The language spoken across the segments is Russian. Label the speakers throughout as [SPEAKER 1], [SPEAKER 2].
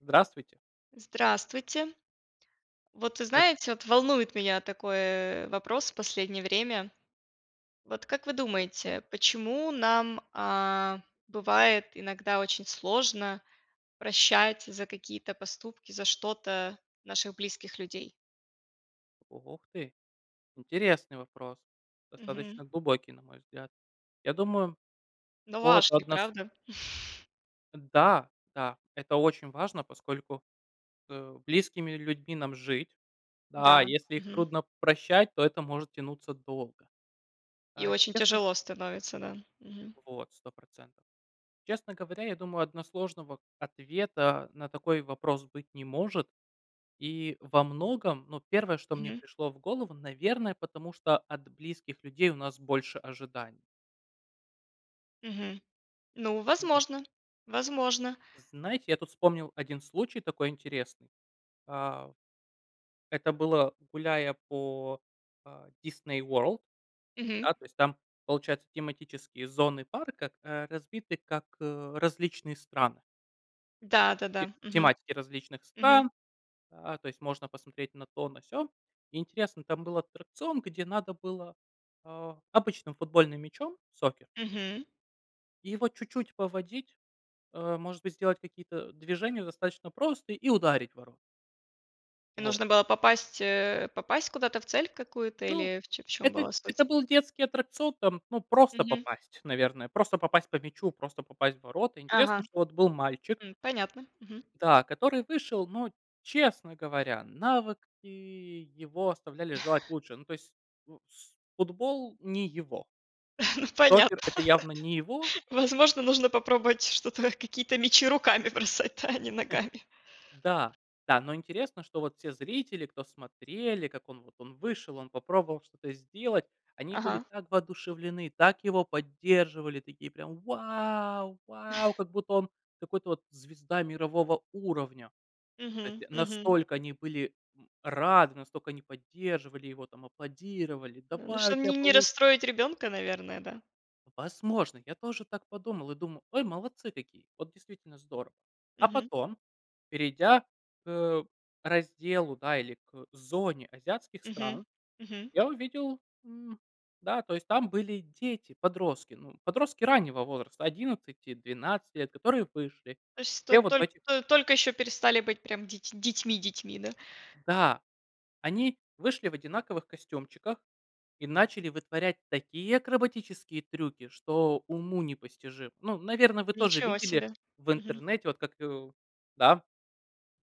[SPEAKER 1] Здравствуйте.
[SPEAKER 2] Здравствуйте. Вот вы
[SPEAKER 1] Эш
[SPEAKER 2] знаете, вот волнует меня такой, э, вопрос в последнее время. Вот как вы
[SPEAKER 1] Слушаю.
[SPEAKER 2] думаете, почему нам, а, бывает иногда очень сложно прощать за какие-то поступки, за что-то наших близких людей?
[SPEAKER 1] О ох ты! Интересный вопрос.
[SPEAKER 2] Мгм.
[SPEAKER 1] Достаточно глубокий, на мой взгляд. Я думаю,
[SPEAKER 2] Но
[SPEAKER 1] какого-то
[SPEAKER 2] важный,
[SPEAKER 1] однос
[SPEAKER 2] правда?
[SPEAKER 1] Э, да, да, это очень важно, поскольку с, э, близкими людьми нам жить. Да, а
[SPEAKER 2] Да,
[SPEAKER 1] если их
[SPEAKER 2] мгм.
[SPEAKER 1] трудно прощать, то это может тянуться долго.
[SPEAKER 2] И
[SPEAKER 1] А
[SPEAKER 2] очень
[SPEAKER 1] честно
[SPEAKER 2] тяжело становится, да. Мгм.
[SPEAKER 1] Вот, 100 %. Честно говоря, я думаю, односложного ответа на такой вопрос быть не может. И во многом, ну, первое, что мне
[SPEAKER 2] Мгм.
[SPEAKER 1] пришло в голову, наверное, потому что от близких людей у нас больше ожиданий.
[SPEAKER 2] Мгм. Ну,
[SPEAKER 1] Вот.
[SPEAKER 2] возможно. Возможно.
[SPEAKER 1] Знаете, я тут вспомнил один случай такой интересный. А. Это было гуляя по, э, Disney World.
[SPEAKER 2] Мгм.
[SPEAKER 1] Да, то есть. Там, получается, тематические зоны парка, к, э, разбиты как, э, различные страны. Т
[SPEAKER 2] Да, да,
[SPEAKER 1] т
[SPEAKER 2] да. Мгм.
[SPEAKER 1] тематики различных
[SPEAKER 2] Мгм.
[SPEAKER 1] стран. А, то есть можно посмотреть на то, на сё. Интересно, там был аттракцион, где надо было, э, обычным футбольным мячом, сокер
[SPEAKER 2] Мгм.
[SPEAKER 1] И его чуть-чуть поводить. А может быть, сделать какие-то, э, движения достаточно просто, и ударить ворота. Вот.
[SPEAKER 2] Нужно было попасть, э, попасть куда-то в цель какую-то
[SPEAKER 1] Ну,
[SPEAKER 2] или в чём чём
[SPEAKER 1] это
[SPEAKER 2] была
[SPEAKER 1] это
[SPEAKER 2] суть?
[SPEAKER 1] был детский аттракцион, там, ну, просто
[SPEAKER 2] Мгм.
[SPEAKER 1] попасть, наверное. Просто попасть по мячу, просто попасть в ворота. Интересно,
[SPEAKER 2] Ага.
[SPEAKER 1] что, вот, был мальчик.
[SPEAKER 2] М. Понятно. Мгм.
[SPEAKER 1] Да, который вышел, но, честно говоря, навыки его оставляли желать лучшее. Ну, то есть, у с футбол- не его.
[SPEAKER 2] Ну,
[SPEAKER 1] Цокер-
[SPEAKER 2] понятно.
[SPEAKER 1] это явно не его.
[SPEAKER 2] Возможно, нужно попробовать что-то, какие-то мячи руками бросать, да, а не
[SPEAKER 1] Э,
[SPEAKER 2] ногами.
[SPEAKER 1] да, да, но интересно, что, вот, все зрители, кто смотрели, как он, вот, он вышел, он попробовал что-то сделать. Они были
[SPEAKER 2] Ага.
[SPEAKER 1] так воодушевлены, так его поддерживали, такие прям: "Вау, вау!" Как будто он какой-то, вот, звезда мирового уровня. То
[SPEAKER 2] Мгм,
[SPEAKER 1] есть,
[SPEAKER 2] мгм.
[SPEAKER 1] настолько они были, м, рады, настолько они поддерживали его, там, аплодировали:
[SPEAKER 2] Да. Ну,
[SPEAKER 1] "Давай, у
[SPEAKER 2] чтобы
[SPEAKER 1] тебя
[SPEAKER 2] ни не
[SPEAKER 1] получится!".
[SPEAKER 2] расстроить ребёнка, наверное, да?
[SPEAKER 1] Возможно. Я тоже так подумал и думал: "Ой, молодцы какие. Вот действительно здорово". А
[SPEAKER 2] Мгм.
[SPEAKER 1] потом, перейдя к, э, разделу, да, или к зоне азиатских
[SPEAKER 2] Мгм,
[SPEAKER 1] стран,
[SPEAKER 2] мгм.
[SPEAKER 1] я увидел М, да, то есть там были дети-подростки, ну, подростки раннего возраста, одиннадцати-двенадцати лет, которые вышли.
[SPEAKER 2] То есть, то
[SPEAKER 1] Все вот в
[SPEAKER 2] толь
[SPEAKER 1] этих
[SPEAKER 2] то только ещё перестали быть прям деть детьми-детьми, да?
[SPEAKER 1] Да, они вышли в одинаковых костюмчиках и начали вытворять такие акробатические трюки, что уму непостижимо. Ну, наверное, вы тоже
[SPEAKER 2] Ничего
[SPEAKER 1] видели
[SPEAKER 2] себе.
[SPEAKER 1] в
[SPEAKER 2] Мгм.
[SPEAKER 1] интернете, вот как, э. Да.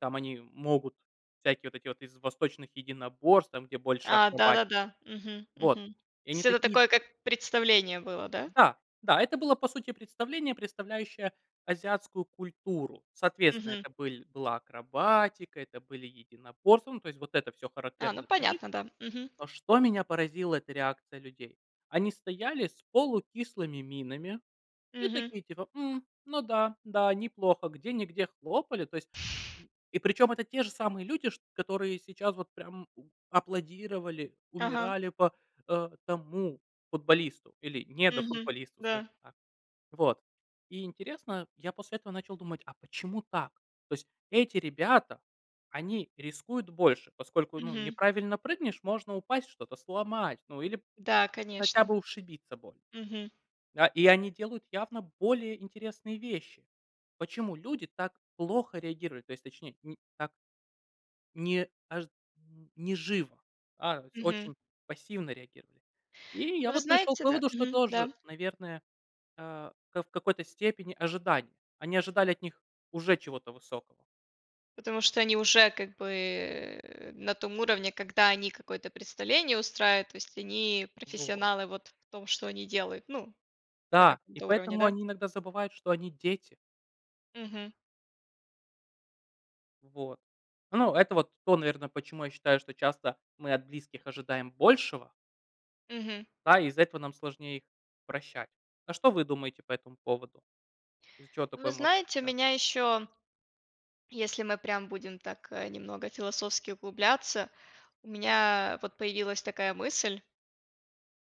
[SPEAKER 1] Там они могут всякие, вот эти вот, из восточных единоборств, там, где больше
[SPEAKER 2] А,
[SPEAKER 1] акробатики.
[SPEAKER 2] да-да-да. Мгм,
[SPEAKER 1] Вот.
[SPEAKER 2] мгм.
[SPEAKER 1] И
[SPEAKER 2] То
[SPEAKER 1] они
[SPEAKER 2] есть это
[SPEAKER 1] такие
[SPEAKER 2] такое, как представление было, да?
[SPEAKER 1] Да, да! Это было, по сути, представление, представляющее азиатскую культуру. Соответственно,
[SPEAKER 2] Мгм.
[SPEAKER 1] это были была акробатика, это были единоборства. Ну, то есть, вот это всё,
[SPEAKER 2] А, ну
[SPEAKER 1] характерное для них.
[SPEAKER 2] понятно, да. Мгм.
[SPEAKER 1] Но, что меня поразило- это реакция людей. Они стояли с полукислыми минами и
[SPEAKER 2] Мгм.
[SPEAKER 1] такие, типа, "м, ну да, да, неплохо", где-нигде хлопали, то есть. И причём, это те же самые люди ш которые сейчас, вот, прям, аплодировали,
[SPEAKER 2] Ага.
[SPEAKER 1] умирали по, а, тому футболисту или
[SPEAKER 2] Мгм.
[SPEAKER 1] недофутболисту,
[SPEAKER 2] Да.
[SPEAKER 1] скажем так. Вот. И интересно, я после этого начал думать: "А почему так?" То есть, эти ребята, они рискуют больше, поскольку, ну,
[SPEAKER 2] Мгм.
[SPEAKER 1] неправильно прыгнешь, можно упасть, что-то сломать, ну, или
[SPEAKER 2] Да,
[SPEAKER 1] хотя
[SPEAKER 2] конечно.
[SPEAKER 1] бы ушибиться больно.
[SPEAKER 2] Мгм.
[SPEAKER 1] Да, и они делают явно более интересные вещи. Почему люди так плохо реагируют? То есть, точнее, ни так. Не аж м, не живо, а с
[SPEAKER 2] Мгм.
[SPEAKER 1] очень пассивно реагировали. И я,
[SPEAKER 2] Ну, вы
[SPEAKER 1] вот, пришёл к
[SPEAKER 2] знаете, да.
[SPEAKER 1] выводу, что
[SPEAKER 2] Мгм,
[SPEAKER 1] тоже,
[SPEAKER 2] да.
[SPEAKER 1] наверное, а ка в какой-то степени ожидание. Они ожидали от них уже чего-то высокого.
[SPEAKER 2] Потому что они уже, как бы, на том уровне, когда они какое-то представление устраивают. То есть они
[SPEAKER 1] Вот.
[SPEAKER 2] профессионалы, вот, в том, что они делают, ну, на
[SPEAKER 1] Да, и
[SPEAKER 2] каком-то уровне,
[SPEAKER 1] поэтому
[SPEAKER 2] да?
[SPEAKER 1] они иногда забывают, что они- дети.
[SPEAKER 2] Мгм.
[SPEAKER 1] Вот. Ну, это, вот, то, наверное, почему я считаю, что часто мы от близких ожидаем большего.
[SPEAKER 2] Мгм.
[SPEAKER 1] Да, и из-за этого нам сложнее их прощать. А что вы думаете по этому поводу? Из-за чего
[SPEAKER 2] Вы
[SPEAKER 1] такое может
[SPEAKER 2] знаете, у
[SPEAKER 1] случаться?
[SPEAKER 2] меня ещё, если мы прям будем так, э, немного философски углубляться. У меня, вот, появилась такая мысль.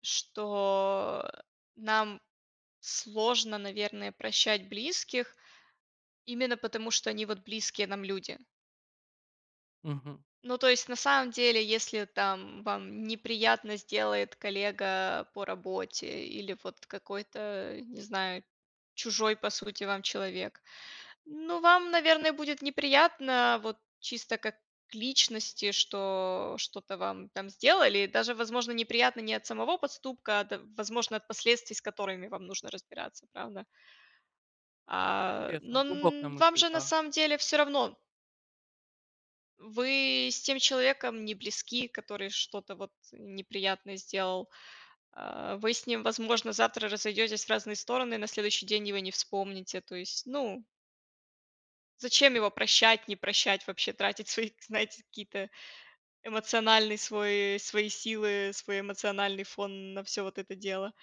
[SPEAKER 2] Что, э, нам сложно, наверное, прощать близких именно потому, что они, вот, близкие нам люди.
[SPEAKER 1] Мгм.
[SPEAKER 2] Ну, то есть, на самом деле, если, там, вам неприятно сделает коллега по работе или, вот, какой-то, а не знаю, чужой, по сути, вам человек. Ну, вам, наверное, будет неприятно, вот, чисто, как личности, что, что-то вам, там, сделали. И даже, возможно, неприятно не от самого поступка, а от возможно, от последствий, с которыми вам нужно разбираться, правда? А.
[SPEAKER 1] Интересно.
[SPEAKER 2] Но
[SPEAKER 1] Глубокая
[SPEAKER 2] н вам
[SPEAKER 1] мысль,
[SPEAKER 2] же, на
[SPEAKER 1] да.
[SPEAKER 2] самом деле, всё равно. Вы с тем человеком не близки, который что-то, вот, неприятное сделал. А вы с ним, возможно, завтра разойдетесь в разные стороны, на следующий день его не вспомните. То есть, ну. Зачем его прощать, не прощать, вообще, тратить свои, знаете, какие-то эмоциональный свой свои силы, свой эмоциональный фон на всё вот это дело.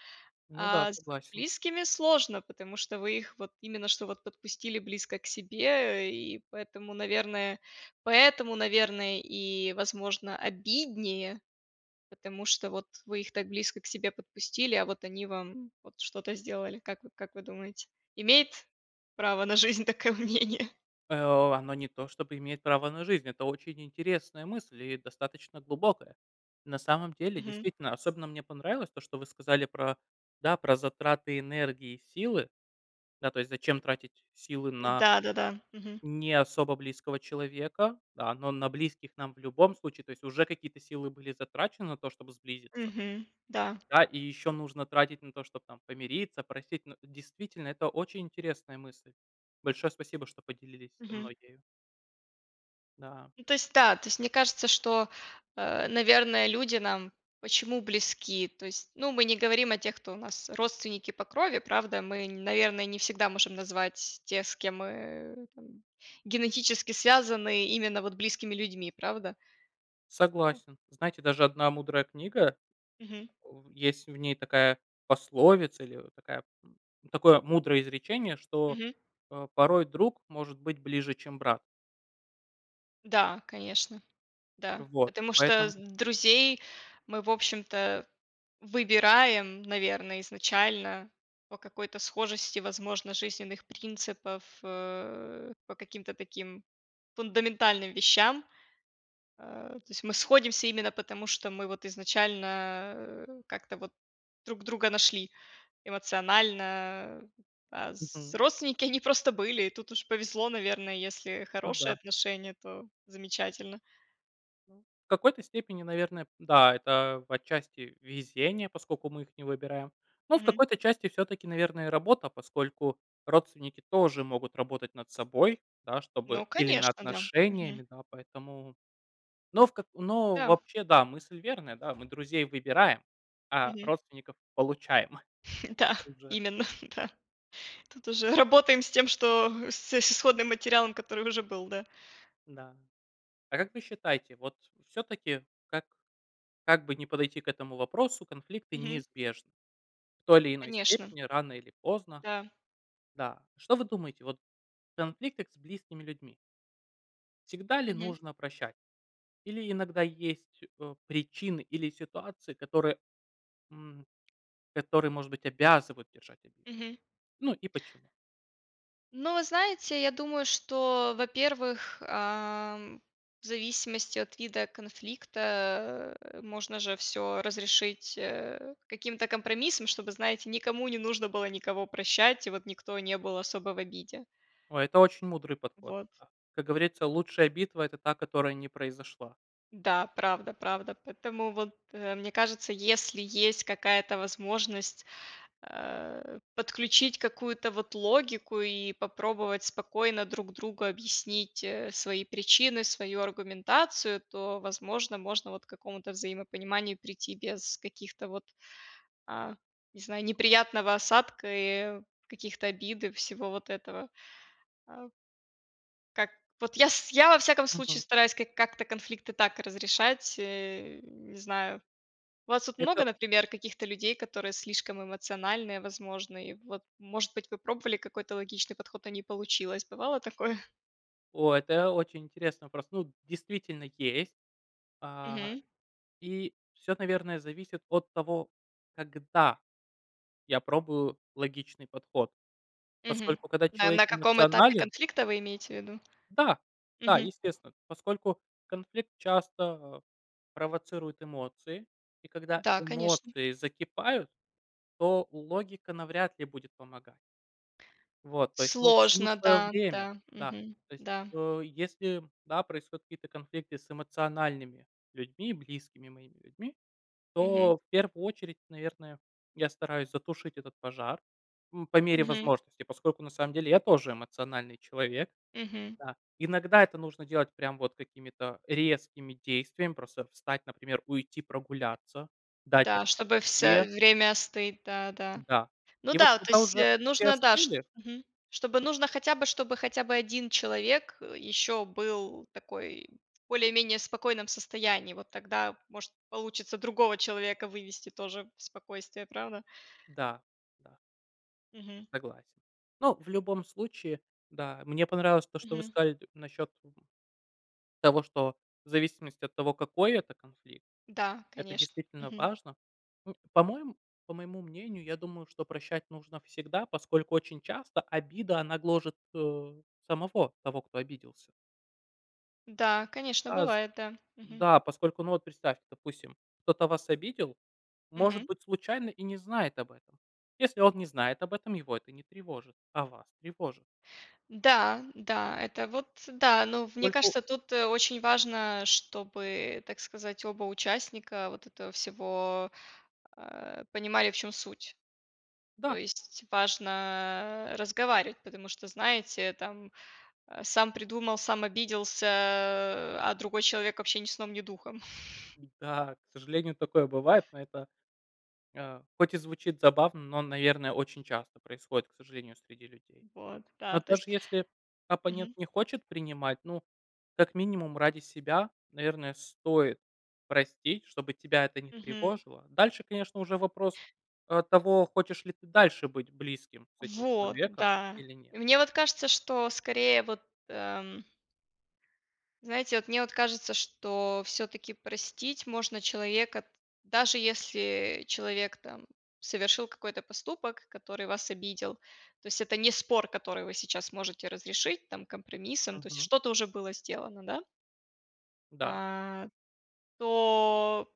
[SPEAKER 1] Ну да,
[SPEAKER 2] А с
[SPEAKER 1] согласен.
[SPEAKER 2] близкими сложно, потому что вы их вот именно, что вот подпустили близко к себе, э, и поэтому, наверное поэтому, наверное, и возможно обиднее. Потому что, вот, вы их так близко к себе подпустили, а вот они вам, вот, что-то сделали. Как вы как вы думаете? Имеет право на жизнь такое мнение?
[SPEAKER 1] Э, о, оно не то чтобы имеет право на жизнь, это очень интересная мысль и достаточно глубокая. На самом деле,
[SPEAKER 2] Мгм.
[SPEAKER 1] действительно, особенно мне понравилось то, что вы сказали про, да, про затраты энергии и силы. Да, то есть зачем тратить силы на
[SPEAKER 2] М-да, да-да. Мгм.
[SPEAKER 1] не особо близкого человека, да. Но на близких нам в любом случае. То есть уже какие-то силы были затрачены на то, чтоб сблизиться.
[SPEAKER 2] Мгм, да.
[SPEAKER 1] Да и ещё нужно тратить на то, чтоб там помириться, простить. Ну, действительно, это очень интересная мысль. Большое спасибо, что поделились со
[SPEAKER 2] Мгм.
[SPEAKER 1] мной ею. Да.
[SPEAKER 2] Ну, то есть да, то есть мне кажется, что, э, наверное, люди нам почему близки? То есть, ну, мы не говорим о тех, кто у нас родственники по крови, правда? Мы, наверное, не всегда можем назвать тех, с кем мы там генетически связаны, именно вот близкими людьми, правда?
[SPEAKER 1] Согласен. Знаете, даже 1 мудрая книга,
[SPEAKER 2] Мгм.
[SPEAKER 1] э, в есть в ней такая пословица- или вот такая м, такое мудрое изречение, что,
[SPEAKER 2] Мгм.
[SPEAKER 1] э, "порой друг может быть ближе, чем брат".
[SPEAKER 2] Да, конечно, да.
[SPEAKER 1] Вот.
[SPEAKER 2] Потому что
[SPEAKER 1] Поэтому
[SPEAKER 2] с друзей мы, в общем-то, выбираем, наверное, изначально по какой-то схожести, возможно, жизненных принципов, э, по каким-то таким фундаментальным вещам. Э, то есть мы сходимся именно потому, что мы вот изначально, э, как-то вот друг друга нашли эмоционально. А с
[SPEAKER 1] Мгм.
[SPEAKER 2] родственники, они просто были, и тут уж повезло, наверное, если
[SPEAKER 1] Ну
[SPEAKER 2] хорошие
[SPEAKER 1] да.
[SPEAKER 2] отношения, то замечательно.
[SPEAKER 1] В какой-то степени, наверное, п да, это отчасти везение, поскольку мы их не выбираем. Но в
[SPEAKER 2] Мгм.
[SPEAKER 1] какой-то части всё-таки, наверно, и работа. Поскольку родственники тоже могут работать над собой, да, чтобы
[SPEAKER 2] Ну,
[SPEAKER 1] или над
[SPEAKER 2] конечно, да. Мгм.
[SPEAKER 1] отношениями, да, поэтому Но в ка но,
[SPEAKER 2] Да.
[SPEAKER 1] вообще, да, мысль верная, да, мы друзей выбираем, а
[SPEAKER 2] Мгм.
[SPEAKER 1] родственников получаем. А
[SPEAKER 2] Да,
[SPEAKER 1] уже
[SPEAKER 2] именно, да. Тут
[SPEAKER 1] Да.
[SPEAKER 2] уже работаем с тем, что с с исходным материалом, который уже был, да.
[SPEAKER 1] Да. А как вы считаете, вот всё-таки, как как бы ни подойти к этому вопросу, конфликты
[SPEAKER 2] Мгм.
[SPEAKER 1] неизбежны. В той или иной
[SPEAKER 2] Конечно.
[SPEAKER 1] степени рано или поздно.
[SPEAKER 2] Да.
[SPEAKER 1] Да. Что вы думаете вот о конфликтах с близкими людьми? Всегда ли
[SPEAKER 2] Мгм.
[SPEAKER 1] нужно прощать? Или иногда есть, э, причины или ситуации, которые, м, которые, может быть, обязывают держать обиду?
[SPEAKER 2] Мгм.
[SPEAKER 1] Ну и почему?
[SPEAKER 2] Ну, вы знаете, я думаю, что, во-первых, эм, в зависимости от вида конфликта, э, можно же всё разрешить, э, каким-то компромиссом, чтобы, знаете, никому не нужно было никого прощать и вот никто не был особо в обиде.
[SPEAKER 1] Ой, это очень мудрый подход.
[SPEAKER 2] Вот.
[SPEAKER 1] Как говорится, лучшая битва- это та, которая не произошла.
[SPEAKER 2] Да, правда правда. Поэтому вот, э, мне кажется, если есть какая-то возможность, э, подключить какую-то, вот, логику и попробовать спокойно друг другу объяснить, э, свои причины, свою аргументацию, то, возможно, можно вот к какому-то взаимопониманию прийти без, каких-то вот, а, не знаю, неприятного осадка, и каких-то обид, и всего вот этого, э. Как вот я с я, во всяком случае,
[SPEAKER 1] Мгм.
[SPEAKER 2] стараюсь как как-то конфликты так разрешать, э, не знаю. У вас тут
[SPEAKER 1] Это
[SPEAKER 2] много, например, каких-то людей, которые слишком эмоциональные, возможно? И вот, может быть, вы пробовали какой-то логичный подход, а не получилось. Бывало такое?
[SPEAKER 1] О, это очень интересный вопрос. Ну, действительно, есть. А,
[SPEAKER 2] Мгм.
[SPEAKER 1] и всё, наверное, зависит от того, когда я пробую логичный подход.
[SPEAKER 2] Мгм.
[SPEAKER 1] Поскольку, когда
[SPEAKER 2] Да, и
[SPEAKER 1] человек
[SPEAKER 2] на каком этапе
[SPEAKER 1] эмоционален
[SPEAKER 2] конфликта вы имеете в виду?
[SPEAKER 1] Да, да,
[SPEAKER 2] Мгм.
[SPEAKER 1] естественно. Поскольку конфликт часто провоцирует эмоции, и когда
[SPEAKER 2] Да, конечно.
[SPEAKER 1] эмоции закипают, то логика навряд ли будет помога Вот, то есть, ну, всему
[SPEAKER 2] Сложно,
[SPEAKER 1] своё
[SPEAKER 2] да,
[SPEAKER 1] время,
[SPEAKER 2] да.
[SPEAKER 1] да,
[SPEAKER 2] Мгм,
[SPEAKER 1] то есть.
[SPEAKER 2] да.
[SPEAKER 1] Э, если, да, происходят какие-то конфликты с эмоциональными людьми, близкими моими людьми,
[SPEAKER 2] Мгм.
[SPEAKER 1] то, в первую очередь, наверное, я стараюсь затушить этот пожар, м, по мере
[SPEAKER 2] Мгм.
[SPEAKER 1] возможности, поскольку на самом деле я тоже эмоциональный человек,
[SPEAKER 2] Мгм.
[SPEAKER 1] да. Иногда это нужно делать прям вот какими-то резкими действиям. Просто встать, например, уйти прогуляться, дать
[SPEAKER 2] Да,
[SPEAKER 1] остыть
[SPEAKER 2] чтобы
[SPEAKER 1] себе.
[SPEAKER 2] всё время остыть, да, да.
[SPEAKER 1] Да,
[SPEAKER 2] Ну
[SPEAKER 1] и вот
[SPEAKER 2] да, вот то
[SPEAKER 1] когда
[SPEAKER 2] есть,
[SPEAKER 1] уже
[SPEAKER 2] э,
[SPEAKER 1] все
[SPEAKER 2] нужно, да, ш
[SPEAKER 1] остыли
[SPEAKER 2] мгм, чтобы нужно хотя бы, чтобы хотя бы 1 человек, э, ещё был такой в более-менее спокойном состоянии. Вот тогда может получится другого человека вывести тоже в спокойствие, правда?
[SPEAKER 1] Да, да.
[SPEAKER 2] Мгм.
[SPEAKER 1] Согласен. Но, в любом случае, да, мне понравилось то, что вы
[SPEAKER 2] Мгм.
[SPEAKER 1] сказали т насчёт, м, того, что в зависимости от того, какой это конфликт,
[SPEAKER 2] Да,
[SPEAKER 1] это
[SPEAKER 2] конеш
[SPEAKER 1] действительно
[SPEAKER 2] Мгм.
[SPEAKER 1] важно. Ну, по-моем по моему мнению, я думаю, что прощать нужно всегда, поскольку очень часто обида, она гложет, э, самого того, кто обиделся.
[SPEAKER 2] Да, конечно,
[SPEAKER 1] А, з
[SPEAKER 2] бывает, да. Мгм.
[SPEAKER 1] да, поскольку, ну, вот представьте, допустим, кто-то вас обидел, может
[SPEAKER 2] Мгм.
[SPEAKER 1] быть, случайно и не знает об этом. Если он не знает об этом, его это не тревожит, а вас тревожит.
[SPEAKER 2] Да, да, это, вот, э, да. Но в мне
[SPEAKER 1] Скольку
[SPEAKER 2] кажется, тут очень важно, чтобы, так сказать, оба участника вот этого всего, э, понимали, в чем суть. То
[SPEAKER 1] Да.
[SPEAKER 2] есть, важно разговаривать, потому что, знаете, там, э, сам придумал, сам обиделся, а другой человек, вообще, ни сном, ни духом.
[SPEAKER 1] Да, к сожалению, такое бывает, но это, э, хоть и звучит забавно, но, наверное, очень часто происходит, к сожалению, среди людей.
[SPEAKER 2] Вот, да,
[SPEAKER 1] Но
[SPEAKER 2] то
[SPEAKER 1] даже
[SPEAKER 2] есть
[SPEAKER 1] если оппонент
[SPEAKER 2] Мгм.
[SPEAKER 1] не хочет принимать, ну, как минимум ради себя, наверное, стоит простить, чтобы тебя это не
[SPEAKER 2] Мгм.
[SPEAKER 1] тревожило. Дальше, конечно, уже вопрос, э, того, хочешь ли ты дальше быть близким с этим
[SPEAKER 2] Вот,
[SPEAKER 1] человеком
[SPEAKER 2] да.
[SPEAKER 1] или нет.
[SPEAKER 2] И мне вот кажется, что скорее вот эм знаете, вот мне вот кажется, что всё-таки простить можно человека, даже если человек там совершил какой-то поступок, который вас обидел. То есть, это не спор, который вы сейчас можете разрешить, там компромиссом, то есть,
[SPEAKER 1] Мгм.
[SPEAKER 2] что-то уже было сделано, да.
[SPEAKER 1] Да.
[SPEAKER 2] А, то,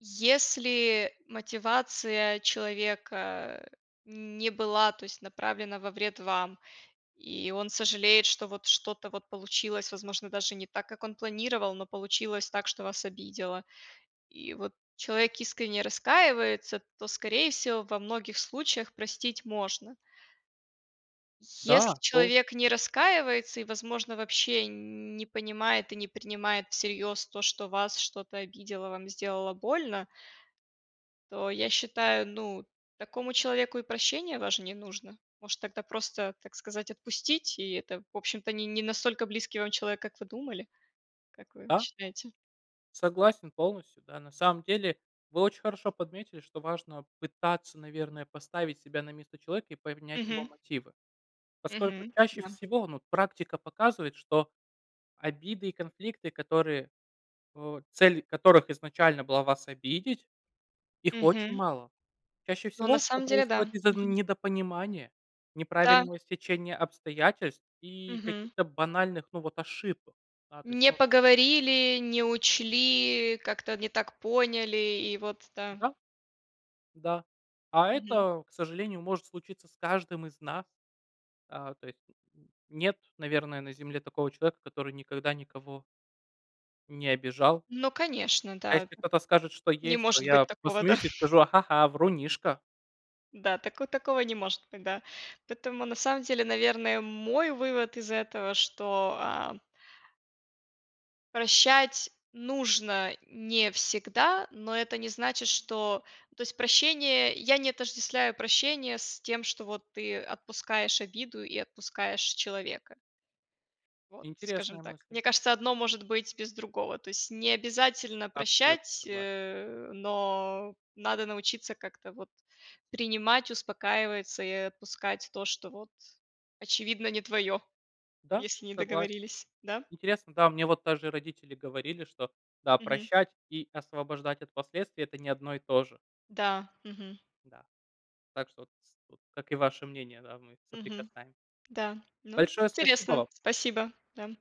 [SPEAKER 2] если мотивация человека не была, то есть, направлена во вред вам, и он сожалеет, что вот что-то вот получилось, возможно, даже не так, как он планировал, но получилось так, что вас обидело. И вот человек искренне раскаивается, то, скорее всего, во многих случаях простить можно.
[SPEAKER 1] Да,
[SPEAKER 2] Если
[SPEAKER 1] полно
[SPEAKER 2] человек не раскаивается и возможно вообще не понимает и не принимает всерьёз то, что вас что-то обидело, вам сделала больно то я считаю, ну, такому человеку и прощение ваше не нужно. Может тогда просто, так сказать, отпустить, и это, в общем-то, не не настолько близкий вам человек, как вы думали. Как вы
[SPEAKER 1] Да.
[SPEAKER 2] считаете?
[SPEAKER 1] Согласен полностью, да. На самом деле вы очень хорошо подметили, что важно пытаться, наверное, поставить себя на место человека и поменять его
[SPEAKER 2] Мгм.
[SPEAKER 1] мотивы. Поскольку
[SPEAKER 2] Мгм,
[SPEAKER 1] чаще
[SPEAKER 2] да.
[SPEAKER 1] всего, ну, вот практика показывает, что обиды и конфликты, которые, э, цель которых изначально была вас обидеть их очень
[SPEAKER 2] Мгм.
[SPEAKER 1] мало. Чаще
[SPEAKER 2] Ну, на
[SPEAKER 1] всего всё
[SPEAKER 2] самом деле, да.
[SPEAKER 1] происходит из-за
[SPEAKER 2] Мгм.
[SPEAKER 1] недопонимания,
[SPEAKER 2] Да.
[SPEAKER 1] неправильного стечения обстоятельств и
[SPEAKER 2] Мгм.
[SPEAKER 1] каких-то банальных, ну, вот, ошибок. Да, то есть,
[SPEAKER 2] Не
[SPEAKER 1] ну вот с
[SPEAKER 2] поговорили, не учли, как-то не так поняли и вот, да.
[SPEAKER 1] М-да. Да. А
[SPEAKER 2] Мгм.
[SPEAKER 1] это, к сожалению, может случиться с каждым из нас. А, то есть, н нет, наверное, на Земле такого человека, который никогда никого не обижал.
[SPEAKER 2] Ну конечно,
[SPEAKER 1] А
[SPEAKER 2] да.
[SPEAKER 1] если кто-то скажет, что
[SPEAKER 2] Не
[SPEAKER 1] есть, то
[SPEAKER 2] может быть
[SPEAKER 1] я
[SPEAKER 2] такого, да.
[SPEAKER 1] посмеюсь и скажу: "А ха-ха, врунишка".
[SPEAKER 2] Да, тако такого не может быть, да. Поэтому на самом деле, наверное, мой вывод из этого, что а прощать нужно не всегда, но это не значит, что ну, то есть, прощение я не отождествляю прощение с тем, что вот ты отпускаешь обиду и отпускаешь человека. Вот, скажем
[SPEAKER 1] Интересная
[SPEAKER 2] так.
[SPEAKER 1] мысль.
[SPEAKER 2] Мне кажется, одно может быть без другого. То есть, не обязательно
[SPEAKER 1] Абсолютно
[SPEAKER 2] прощать,
[SPEAKER 1] согласен.
[SPEAKER 2] э, но надо научиться как-то вот принимать, успокаивается и отпускать то, что вот очевидно не твоё,
[SPEAKER 1] Да,
[SPEAKER 2] если не
[SPEAKER 1] согласен.
[SPEAKER 2] договорились, да?
[SPEAKER 1] Интересно, да, мне вот даже родители говорили, что да,
[SPEAKER 2] Мгм.
[SPEAKER 1] прощать и освобождать от последствий это не одно и то же.
[SPEAKER 2] Да. Мгм.
[SPEAKER 1] Да. Так что вот, с вот как и ваше мнение да, мы
[SPEAKER 2] Мгм.
[SPEAKER 1] соприкасаем
[SPEAKER 2] Да. Ну,
[SPEAKER 1] Большое спасибо
[SPEAKER 2] интересно,
[SPEAKER 1] вам.
[SPEAKER 2] спасибо, да.